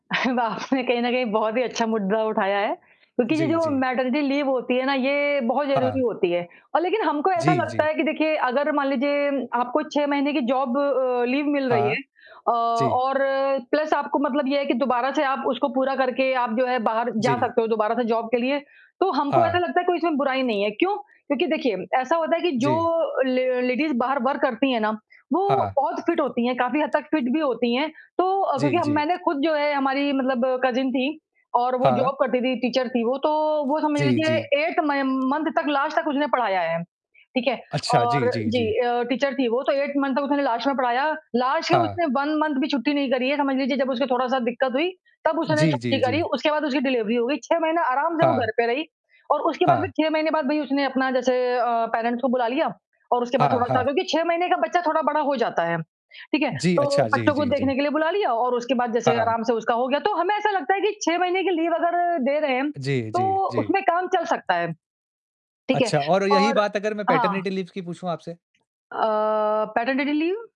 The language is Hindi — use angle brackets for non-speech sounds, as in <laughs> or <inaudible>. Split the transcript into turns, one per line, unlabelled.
<laughs> आपने कहीं न कहीं बहुत ही अच्छा मुद्दा उठाया है, क्योंकि ये
जी,
जो
जी।
मैटरनिटी लीव होती है ना, ये बहुत ज़रूरी
हाँ।
होती है और लेकिन हमको ऐसा
जी,
लगता
जी।
है कि देखिए अगर मान लीजिये आपको 6 महीने की जॉब अ, लीव मिल रही
हाँ,
है अ,
जी।
और प्लस आपको मतलब ये है कि दोबारा से आप उसको पूरा करके आप जो है, बाहर जा
जी।
सकते हो दोबारा से जॉब के लिए, तो हमको ऐसा
हाँ।
लगता है कोई इसमें कोई बुराई नहीं है क्यों? क्योंकि देखिए। ऐसा होता है कि
जी।
जो ले लेडीज बाहर वर्क करती हैं ना, वो
हाँ।
बहुत फिट होती हैं, काफ़ी हद तक फिट भी होती हैं, तो
जी,
क्योंकि
जी।
मैंने खुद जो है, हमारी मतलब कज़िन थी और वो
हाँ।
जॉब करती थी, टीचर थी वो, तो वो समझ
जी,
लीजिये
जी।
8th तक, लास्ट तक उसने पढ़ाया है, ठीक है,
अच्छा जी,
और
जी,
जी
जी।
अ, टीचर थी वो, तो 8th तक उसने लास्ट में पढ़ाया, लास्ट के
हाँ।
उसने 1 मंथ भी छुट्टी नहीं करी। ये समझ लीजिए जब उसको थोड़ा-सा दिक्कत हुई, तब उसने
जी,
छुट्टी
जी,
करी
जी।
उसके बाद उसकी डिलीवरी हो गयी। 6 महीने आराम से वो
हाँ।
घर पे रही और उसके बाद फिर
हाँ।
6 महीने बाद भई उसने अपना जैसे अ, पेरेंट्स को बुला लिया और उसके बाद
हाँ,
थोड़ा सा
हाँ।
क्योंकि 6 महीने का बच्चा थोड़ा बड़ा हो जाता है, ठीक है,
जी,
तो
अच्छा, जी,
बच्चों को
जी, जी।
देखने के लिए बुला लिया और उसके बाद जैसे
हाँ।
आराम से उसका हो गया तो हमें ऐसा लगता है कि 6 महीने की लीव अगर दे रहे हैं,
जी, जी,
तो
जी।
उसमें काम चल सकता है, ठीक है?
अच्छा और यही
और
बात अगर मैं
हाँ।
पैटरनिटी लीव्स की पूछूँ आपसे?
अ, पैटरनिटी लीव?